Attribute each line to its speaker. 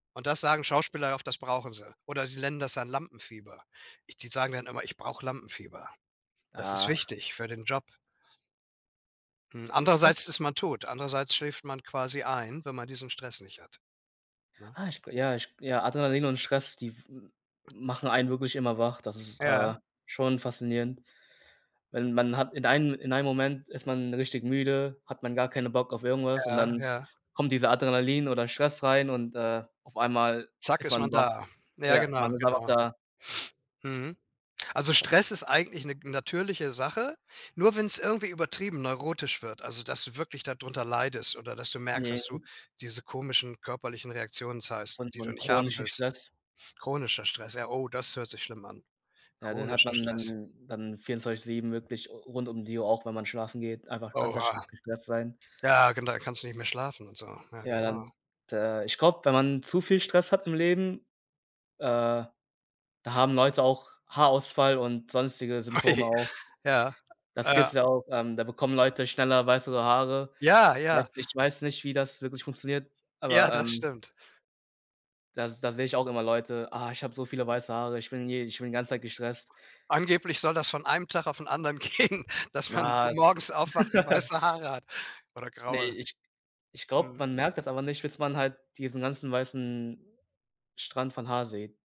Speaker 1: Und das sagen Schauspieler oft, das brauchen sie oder sie nennen das dann Lampenfieber. Die sagen dann immer: „Ich brauche Lampenfieber. Das ist
Speaker 2: Ah.
Speaker 1: wichtig für den Job.” Hm,
Speaker 2: [unintelligible]
Speaker 1: andererseits ist man tot, andererseits schläft man quasi ein, wenn man diesen Stress nicht hat, ne?
Speaker 2: Ah, ich g ja, ich g ja, Adrenalin und Stress, die w m machen einen wirklich immer wach. Das ist,
Speaker 1: Ja.
Speaker 2: äh, schon faszinierend, wenn man hat in einem in einem Moment ist man richtig müde, hat man gar keine Bock auf irgendwas und
Speaker 1: Ja,
Speaker 2: dann
Speaker 1: ja.
Speaker 2: kommt dieser Adrenalin oder Stress rein und, äh, auf einmal
Speaker 1: Zack,
Speaker 2: ist
Speaker 1: ist man
Speaker 2: man wach.
Speaker 1: da. Ja
Speaker 2: Ja, man
Speaker 1: genau,
Speaker 2: ist [unintelligible]
Speaker 1: genau.
Speaker 2: da
Speaker 1: Mhm. Also, Stress ist eigentlich 'ne natürliche Sache, nur wenn's irgendwie übertrieben neurotisch wird, also, dass du wirklich da drunter leidest oder dass du merkst,
Speaker 2: Ne,
Speaker 1: dass du
Speaker 2: 'n
Speaker 1: diese komischen körperlichen Reaktionen
Speaker 2: So
Speaker 1: zeigst,
Speaker 2: 'n
Speaker 1: die
Speaker 2: so
Speaker 1: du
Speaker 2: 'n
Speaker 1: nicht haben
Speaker 2: chronischen
Speaker 1: willst.
Speaker 2: Stress.
Speaker 1: Chronischer Stress, ja oh, das hört sich schlimm an
Speaker 2: Ja, den hat
Speaker 1: chronischer
Speaker 2: man
Speaker 1: Stress.
Speaker 2: dann dann 24/7 wirklich rund um die Uhr, auch wenn man schlafen geht, einfach ganz [unintelligible]
Speaker 1: Oha.
Speaker 2: gestresst sein.
Speaker 1: Ja, genau, da kannst du nicht mehr schlafen und so. Ja,
Speaker 2: Ja,
Speaker 1: genau.
Speaker 2: dann, d äh, ich glaube, wenn man zu viel Stress hat im Leben, äh, da haben Leute auch Haarausfall und sonstige
Speaker 1: Ai,
Speaker 2: Symptome auch.
Speaker 1: ja,
Speaker 2: Das gibt's
Speaker 1: ja.
Speaker 2: ja auch ähm, da bekommen Leute schneller weißere Haare.
Speaker 1: Ja, ja.
Speaker 2: Weiß ich weiß nicht, wie das wirklich funktioniert,
Speaker 1: Ja,
Speaker 2: aber,
Speaker 1: das
Speaker 2: ähm
Speaker 1: stimmt.
Speaker 2: Da da sehe ich auch immer Leute: „Ah, ich habe so viele weiße Haare. Ich bin je ich bin die ganze Zeit gestresst.”
Speaker 1: Angeblich soll das von einem Tag auf 'n anderen gehen, dass man m
Speaker 2: Ja, z
Speaker 1: morgens aufwacht und weiße Haare hat oder
Speaker 2: Ne,
Speaker 1: graue.
Speaker 2: ich ich glaube,
Speaker 1: Mhm.
Speaker 2: man merkt das aber nicht, bis man halt diesen ganzen weißen Strand von Haar sieht.